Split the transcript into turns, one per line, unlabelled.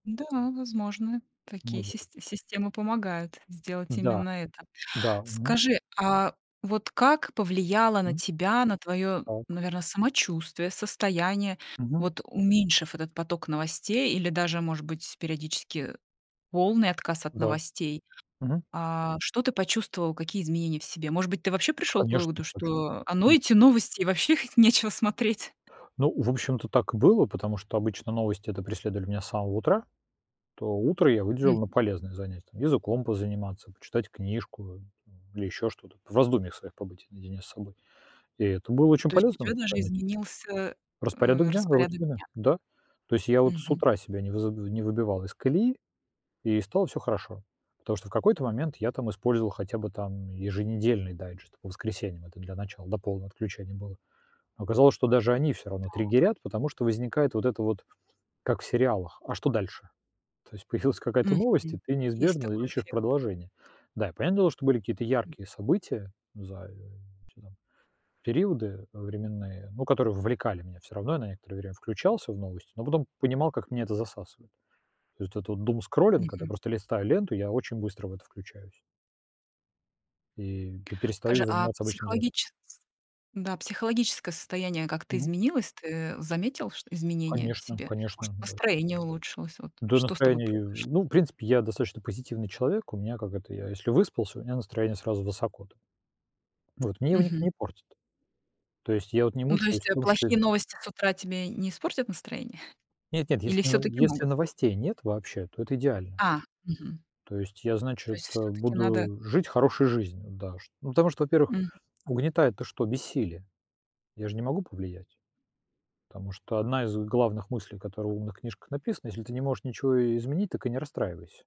Да, возможно,
Ну
такие
вот.
сист системы помогают сделать
Да,
именно это.
да. Мгм.
Скажи, а вот как повлияло на
Мгм.
тебя, на твоё,
Так.
наверное, самочувствие, состояние,
Мгм.
вот уменьшив этот поток новостей или даже, может быть, периодически полный отказ от
Да.
новостей,
Мгм.
а что ты почувствовал, какие изменения в себе? Может быть, ты вообще
Да,
пришёл к
конечно.
выводу,
Сочувствуют.
что, а, ну,
Мгм.
эти новости, и вообще их нечего смотреть?
Ну, в общем-то, так и было, потому что обычно новости-то преследовали меня с самого утра. То утро я выделил на
Мгм.
полезное занятие: там, языком позаниматься, почитать книжку, э, там или ещё что-то, по в раздумьях своих побыть наедине с собой. И это было очень
То есть у
полезным
тебя даже
занятием.
изменился, э,
Распорядок дня,
распорядок
рутины,
дня.
да, то есть я вот с
Мгм.
утра себя не выз не выбивал из колеи, и стало всё хорошо, потому что в какой-то момент я там использовал хотя бы там еженедельный дайджест по воскресеньям, это для начала, до полного отключения было, но оказалось, что даже они всё равно
Так.
триггерят, потому что возникает вот это вот, как в сериалах: "А что дальше?" То есть появилась какая-то новость, и
Мгм.
ты
Есть
неизбежно
такой
ищешь
эффект.
продолжение. Да, и понятное дело, что были какие-то
М.
яркие события за э [unintelligible] периоды, э, временные, ну, которые вовлекали меня всё равно, я на некоторое время включался в новости, но потом понимал, как меня это засасывает. То есть вот этот вот думскроллинг, когда
Мгм.
просто листаю ленту, я очень быстро в это включаюсь. И пе перестаю
Скажи, а
заниматься обычными делами.
психологичес да, психологическое состояние как-то
Мгм.
изменилось? Ты заметил, что изменения в
Конечно
себе? Может,
конечно, да.
настроение улучшилось? Вот
Да,
что с тобой
настроение, э,
произошло?
ну, в принципе, я достаточно позитивный человек. У меня, как это, я, если выспался, у меня настроение сразу высоко там вот мне его никто
Мгм.
не портит, то есть я вот не
Ну, то
мучаюсь
есть,
в
э,
том, что
плохие новости с утра тебе не испортят настроение?
Нет-нет,
Или
если ново
всё-таки
если
могут?
новостей нет вообще, то это идеально.
А, мгм.
То есть я,
То
значит,
есть
э,
всё-таки надо
буду жить хорошей жизнью, да? Что ну, потому что, во-первых,
Мгм.
угнетает то, что- бессилие? Я же не могу повлиять, потому что одна из главных мыслей, которая в умных книжках написана: если ты не можешь ничего изменить, так и не расстраивайся.